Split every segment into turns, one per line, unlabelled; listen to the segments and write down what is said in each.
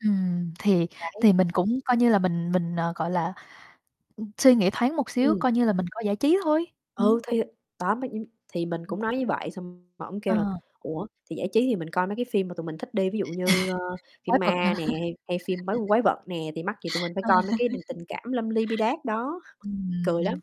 Ừm, thì
Đấy.
thì mình cũng coi như là mình mình, ờ, gọi là ừm, suy nghĩ thoáng một xíu,
Ừm.
coi như là mình coi giải trí thôi, ừm.
Ừ, thì đó mấy nh thì mình
Ừm.
cũng nói như vậy, xong mà ổng
Ờ.
kêu là "Ủa thì giải trí thì mình coi mấy cái phim mà tụi mình thích đi, ví dụ như, ờ,
Quái
phim
vật hả?
ma nè, hay hay phim bái quái vật nè, thì mắc gì tụi mình phải
Ờ.
coi mấy cái đình tình cảm lâm ly bi đát đó?" Cười
Ừm,
lắm.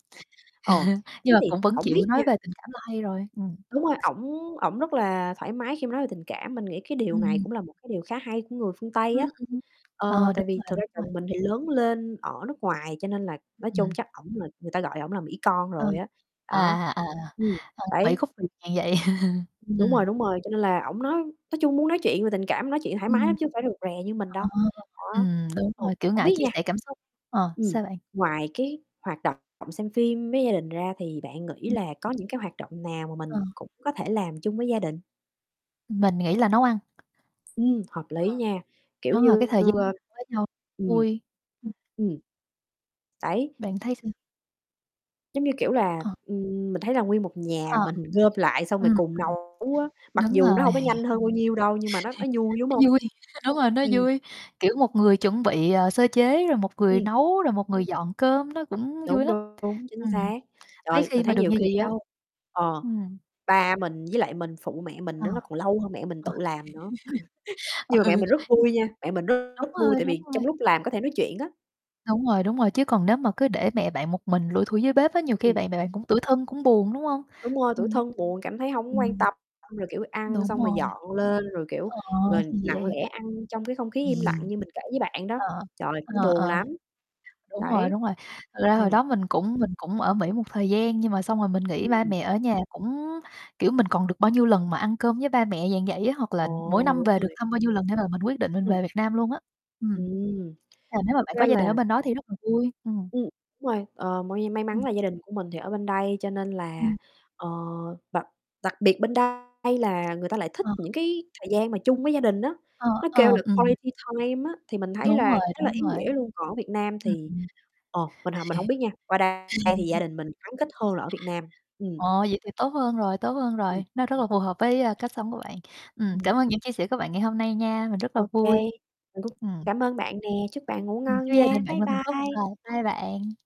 Ờ,
nhưng
thế
mà
thì
cũng vẫn
hổng biết
chịu
nha
nói về tình cảm là hay rồi, ừm.
Đúng rồi, ổng ổng rất là thoải mái khi mà nói về tình cảm, mình nghĩ cái điều này
Ừm.
cũng là một cái điều khá hay của người phương Tây
Ừm,
á,
ừm,
ờ,
ờ,
tại
đúng
vì
rồi,
thực
đúng
ra
rồi.
chồng mình thì lớn lên ở nước ngoài, cho nên là nói chung
Ừm.
chắc ổng là người ta gọi ổng là Mỹ con
Ờ,
rồi á,
à,
đó,
à, à, ờ,
ừm,
vậy
đấy.
khúc [unintelligible] vậy.
Ừm, đúng rồi,
Ừm.
đúng rồi. Cho nên là ổng nói nói chung muốn nói chuyện về tình cảm nói chuyện thoải mái
Ừm.
lắm chứ hông phải rụt rè như mình
Ờ,
đâu. Đó,
ừm, đúng
ừ,
rồi, kiểu,
hổng
ngại
biết
chia
nha
sẻ cảm xúc. Ờ,
Ừm,
sao bạn?
ngoài cái hoạt động xem phim với gia đình ra thì bạn nghĩ
Ừm.
là có những cái hoạt động nào mà
Ờ.
mình cũng có thể làm chung với gia đình?
Mình nghĩ là nấu ăn.
Ừm, hợp lý nha,
Ờ.
kiểu
Đúng rồi, cái
như,
thời gian
ờ
ăn với nhau
ừm,
vui.
ừm, đấy.
Bạn thấy sao?
Giống như kiểu là,
Ờ.
ừm, mình thấy là nguyên một nhà
Ờ,
mình gom lại xong
ừm,
rồi
ừm.
cùng nấu á, mặc
Đúng
dù nó
rồi.
hông có nhanh hơn bao nhiêu đâu nhưng mà nó nó vui, đúng hông?
Nó vui, đúng rồi, nó
Ừm.
vui, kiểu, một người chuẩn bị, ờ, sơ chế rồi một người
Ừm.
nấu rồi một người dọn cơm. Nó cũng vui
Đúng,
lắm,
đúng, đúng, chính
ừm,
xác.
mấy
Trời,
khi
mình
mà
thấy
được
nhiều
như vậy
khi á,
đâu.
ờ,
Ừm.
ba mình với lại mình phụ mẹ mình
Ờ.
đó nó còn lâu hơn mẹ mình tự làm nữa. Nhưng mà mẹ
Ừ.
mình rất vui nha, mẹ mình rất
Đúng
rất vui,
rồi,
tại
đúng
vì
rồi.
trong lúc làm có thể nói chuyện á.
Đúng rồi, đúng rồi. Chứ còn nếu mà cứ để mẹ bạn một mình lủi thủi dưới bếp á, nhiều khi
Ừm.
bạn mẹ bạn cũng tủi thân, cũng buồn, đúng hông?
Đúng rồi. Tủi
Ừm.
thân, buồn, cảm thấy hổng quan
Ừm.
tâm, xong rồi, kiểu, ăn
Đúng
xong rồi
rồi.
dọn lên, rồi, kiểu,
Ờ, thì
rồi nặng
vậy.
lẽ ăn trong cái không khí im lặng như mình kể với bạn đó,
Ờ,
trời, nó
ờ,
buồn
ờ.
lắm.
Đúng rồi,
Đấy.
đúng rồi, thật ra hồi
Ừm.
đó mình cũng mình cũng ở Mỹ một thời gian nhưng mà xong rồi mình nghĩ ba
Ừm.
mẹ ở nhà cũng kiểu, mình còn được bao nhiêu lần mà ăn cơm với ba mẹ, dạng vậy á, hoặc là mỗi
Ồ,
năm
đúng
về được
rồi.
thăm bao nhiêu lần để mà mình quyết định mình
Ừm.
về Việt Nam luôn á. Ừm.
Ừm,
À, nếu mà
thực
bạn có
ra
gia
là
đình ở bên đó thì rất là vui. Ừm.
Ừm, đúng rồi. Ờ, moi nhe may mắn
Ừm.
là gia đình của mình thì ở bên đây cho nên là,
Ừm.
ờ đặc đặc biệt bên đây là người ta lại thích
Ờ.
những cái thời gian mà chung với gia đình á,
Ờ,
nó kêu
ờ,
là
ừm.
quality time á, thì mình thấy
Đúng
là
rồi,
khá là
đúng
ý
rồi.
nghĩa luôn. Còn ở Việt Nam thì,
Ừm.
ờ, mình h mình hổng biết nha. Qua đây thì gia đình mình gắn kết hơn là ở Việt Nam, ừm.
Ồ vậy thì tốt hơn rồi, tốt hơn
Ừm.
rồi, nó rất là phù hợp với, a, cách sống của bạn. Ừm,
Ừm.
cảm ơn những chia sẻ của bạn ngày hôm nay nha, mình rất là
Okay,
vui.
mình cũng
Ừm.
cảm ơn bạn nè, chúc bạn ngủ
Ừm,
ngon
chúc gia
nha.
đình bạn
Bye
luôn hạnh phúc.
bye.
Rồi, bye bạn.